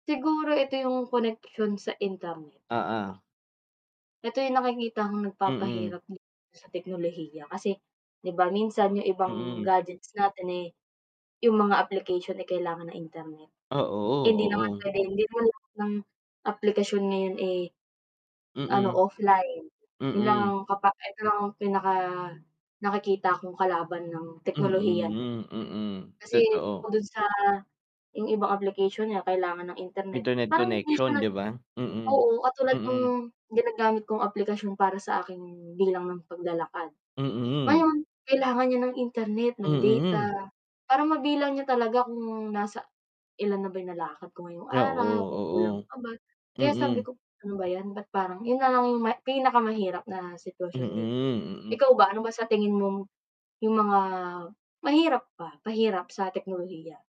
Siguro ito yung koneksyon sa internet. Oo. Ito yung nakikitang Mm. nagpapahirap sa teknolohiya kasi 'di ba, minsan yung ibang Mm. gadgets natin, eh, yung mga application ay kailangan ng internet. Ah, Hindi naman oo, oo. pwedeng hindi naman lahat ng aplikasyon ngayon, eh, ano Mm. offline. Yun lang ang Mm. kapa eto lang pinaka-nakikita kong kalaban ng teknolohiya. Mm, hmm, mm, Kasi totoo. bukod dun sa yung ibang application niya kailangan ng internet, Internet parang hindi connection siya 'di ba? Mm, oo katulad ng mm. ginagamit kong aplikasyon para sa aking bilang ng paglalakad. Mm. Ngayon kailangan niya ng Internet, ng Mm. data, para mabilang niya talaga kung nasa ilan na ba 'yong nalakad ko ngayong Ah, araw, kung kulang oo, oo. pa ba. Kaya sabi Mm. ko, ano ba 'yan, ba't parang 'yon na lang 'yong pinakamahirap na Mm, sitwasyon dito. mm. Ikaw ba ano ba sa tingin mong 'yong mga mahirap pa, pahirap sa teknolohiya?